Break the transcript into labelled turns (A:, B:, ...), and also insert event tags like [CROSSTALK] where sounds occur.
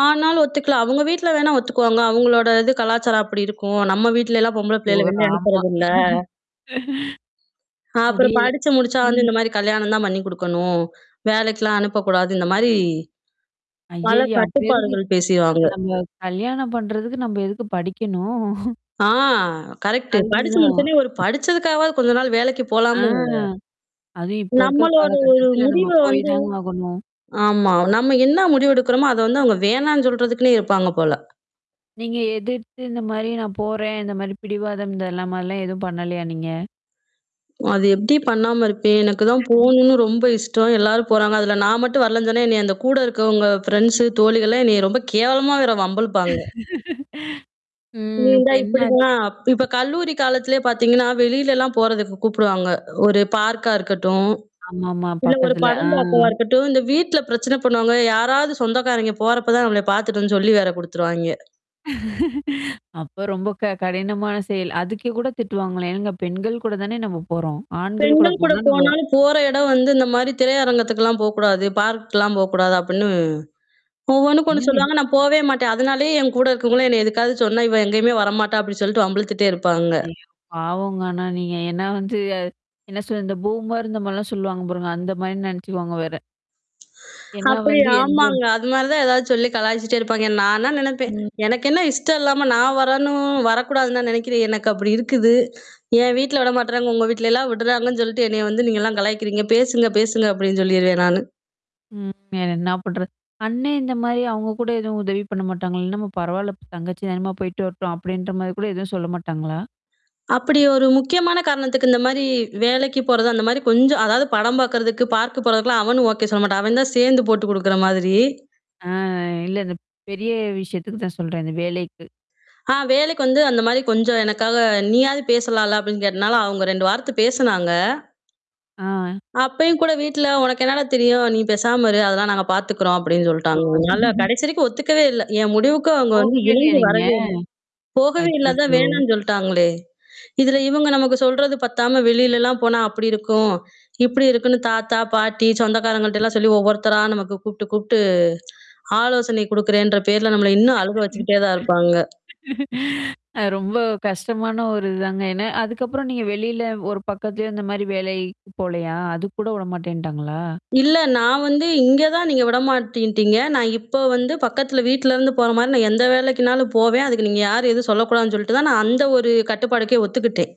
A: ஆனாலும் ஒத்துக்கல. அவங்க வீட்ல வேணா ஒத்துக்குவாங்க. அவங்களோட இது கலாச்சாரம் அப்படி இருக்கும். நம்ம வீட்லலாம் பொம்பள
B: ஓ!
A: பிள்ளையல வெளிய
B: ராமா.
A: அனுப்புறதில்ல.
B: [LAUGHS]
A: அப்பறம்
B: முடியல.
A: படிச்சு முடிச்சா வந்து,
B: ம்.
A: இந்த மாரி கல்யாணம் தான் பண்ணி குடுக்கணும். வேலைக்கலாம் அனுப்பக்கூடாது. இந்த மாரி, பல
B: ஐய்யய்யா! அப்பறம் எதுக்கு?
A: கட்டுப்பாடுகள் பேசுவாங்க.
B: அந்த நம்ம கல்யாணம் பண்றதுக்கு நம்ம எதுக்கு படிக்கணும்? [CHUCKLES]
A: ஆ கரெக்ட்டு. படிச்சு
B: அதுதான்.
A: முடிச்சோனே ஒரு படிச்சதுக்காகவாது கொஞ்ச நாள் வேலைக்கு
B: ஆ.
A: போலாமா? இல்லையா?
B: அதுவும் இப்ப இருக்க
A: நம்மளோட ஒரு
B: காலகட்டத்துல நம்ம
A: முடிவ
B: போய்
A: வந்து
B: தாங்க ஆகணும்.
A: ஆமா. நம்ம என்ன முடிவெடுக்குறோமோ, அத வந்து அவங்க வேணான்னு சொல்றதுக்குன்னே இருப்பாங்க போல.
B: நீங்க எதிர்த்து இந்த மாரி நான் போறேன் இந்த மாரி பிடிவாதம் இந்தெல்லாம் மாரிலாம் எதுவும் பண்ணலயா நீங்க?
A: அது எப்படி பண்ணாம இருப்பேன்? எனக்கு தான்
B: [LAUGHS]
A: போணும்னு ரொம்ப இஷ்டம். எல்லாரும் போறாங்க. அதுல நான் மட்டும் வரலன்னு சொன்னா, என்னைய அந்த கூட இருக்கவங்க ஃப்ரெண்ட்ஸ் தோழிகள்லாம் என்னைய ரொம்ப கேவலமா வேற வம்பு இழுப்பாங்க.
B: [LAUGHS]
A: நீ
B: ம். இப்ப
A: இந்தா
B: என்ன ஆச்சி?
A: இப்படிதான், இப்ப கல்லூரி காலத்திலே பார்த்தீங்கன்னா, வெளிலலாம் போறதுக்கு கூப்புடுவாங்க. ஒரு பார்க்கா இருக்கட்டும்.
B: ஆமாமா.
A: இல்ல ஒரு
B: பக்கத்துல.
A: படம்
B: ஆ.
A: பார்க்கவா இருக்கட்டும் இந்த வீட்ல பிரச்சன பண்ணுவாங்க. யாராவது சொந்தக்காரைங்க போறப்ப தான் நம்மள பார்த்துட்டோன்னு சொல்லி வேற குடுத்துருவாயிங்க.
B: [LAUGHS] அப்ப ரொம்ப க கடினமான செயல். அதுக்கே கூட திட்டுவாங்களா? ஏங்க பெண்கள் கூட தானே நம்ம போறோம். ஆண்கள் கூட
A: பெண்கள் கூட
B: போனா நம்ம
A: போனாலும் போற இடம் வந்து இந்த மாரி திரையரங்கத்துக்கல்லாம் போக்கூடாது, பார்க்லாம் போக்கூடாது அப்படின்னு, ஒவ்வொன்னுக்கு ஒண்ணு
B: என்னங்க
A: சொல்லுவாங்க நான் போவே மாட்டேன். அதனாலேயே என் கூட இருக்கவங்களும் என்ன எதுக்காவது சொன்னா, இவ எங்கயுமே வரமாட்டா! அப்டின்னு சொல்லிட்டு வம்பிழுத்துட்டே இருப்பாங்க.
B: ஐயோ! பாவம்ங்க ஆனா நீங்க. ஏன்னா வந்து அ என்ன சொல்ல இந்த பூமர் இந்த மாரிலாம் சொல்லுவாங்க பாருங்க. அந்த மாரின்னு நெனச்சுக்குவாங்க வேற. ஏன்னா
A: அப்படி,
B: வந்து, எந்ததொரு
A: ஆமாங்க. அது மாரி தான் ஏதாவது சொல்லி கலாய்ச்சுட்டே இருப்பாங்க. நானா நெனைப்பேன்.
B: ம்.
A: எனக்கு என்ன இஷ்டம் இல்லாம நான் வரணும் வரக்கூடாதுன்னா நெனைக்கிறேன். எனக்கு அப்படி இருக்குது என் வீட்ல விடமாட்றாங்க. உங்க வீட்லல்லாம் விட்றாங்கன்னு சொல்லிட்டு என்னைய வந்து நீங்கலாம் கலாய்க்கிறீங்க. பேசுங்க, பேசுங்க அப்டின்னு சொல்லிருவேன் நானு.
B: ம். வேற என்னா பண்றது? அண்ணே இந்த மாரி அவங்க கூட எதுவும் உதவி பண்ண மாட்டாங்களா? என்னம்மா நம்ம பரவால்ல இப்ப தங்கச்சி தானமா! போயி்ட்டு வரட்டும், அப்படின்ற மாரி கூட எதுவும் சொல்ல மாட்டாங்களா?
A: அப்படி ஒரு முக்கியமான காரணத்துக்கு இந்த மாரி வேலைக்கு போறது, அந்த மாரி கொஞ்சம் அதாவது படம் பாக்கறதுக்கு, பார்க் போறதுக்கெல்லாம் அவனும் ஓகே சொல்ல மாட்டான். அவன் தான் சேர்ந்து போட்டு குடுக்குற மாதிரி.
B: ஆ. இல்ல அ இந்த பெரிய விஷயத்துக்கு தான் சொல்றேன். இந்த வேலைக்கு.
A: ஆ வேலைக்கு வந்து அந்த மாரி கொஞ்சம் எனக்காக நீயாவது பேசலால்ல அப்டின்னு கேட்டனால, அவங்க 2 வார்த்த பேசனாங்க.
B: ஆ.
A: அப்பயும் கூட வீட்ல "உனக்கு என்னடா தெரியும்? நீ பேசாம இரு" அதெல்லாம் நாங்க பார்த்துக்குறோம் அப்படின்னு
B: ஓ!
A: சொல்ட்டாங்க அதுனால
B: [LAUGHS]
A: கடைசி வரைக்கும் ஒத்துக்கவே இல்ல. என் முடிவுக்கு அவங்க வந்து
B: போகவே இல்லையா
A: இணங்கி
B: நீங்க?
A: வரவே இல்ல. போகவே இல்லா அதான்
B: ஐய்யய்யோ!
A: வேணான்னு சொல்டாங்களே! இதுல இவங்க நமக்கு சொல்றது பத்தாம வெளிலலாம் போனா, அப்படி இருக்கும் இப்படி இருக்குன்னு தாத்தா, பாட்டி, சொந்தக்காரங்கள்ட்டல்லாம் சொல்லி ஒவ்வொருத்தரா நமக்கு கூப்ட்டு, கூப்ட்டு ஆலோசனை குடுக்கறேன்ற பேர்ல நம்மள இன்னும் அழுக
B: [LAUGHS] ம்.
A: வச்சுட்டே தான் இருப்பாங்க.
B: அ ரொம்ப கஷ்டமான ஒரு இது தாங்க. ஏன்னா அதுக்கப்புறம் நீங்க வெளியில ஒரு பக்கத்திலயும் இந்த மாரி வேலைக்கு போலையா? அதுக்கூட விட மாட்டேன்ட்டாங்களா?
A: இல்ல நான் வந்து இங்க தான் நீங்க விடமாட்டின்ட்டீங்க. நான் இப்ப வந்து பக்கத்தில, வீட்லருந்து போற மாரி நான் எந்த வேலைக்குனாலும் போவேன். அதுக்கு நீங்க யார் எதுவும் சொல்லக்கூடாதுன்னு சொல்லிட்டு தான், நான் அந்த ஒரு கட்டுப்பாடுக்கே ஒத்துக்கிட்டேன்.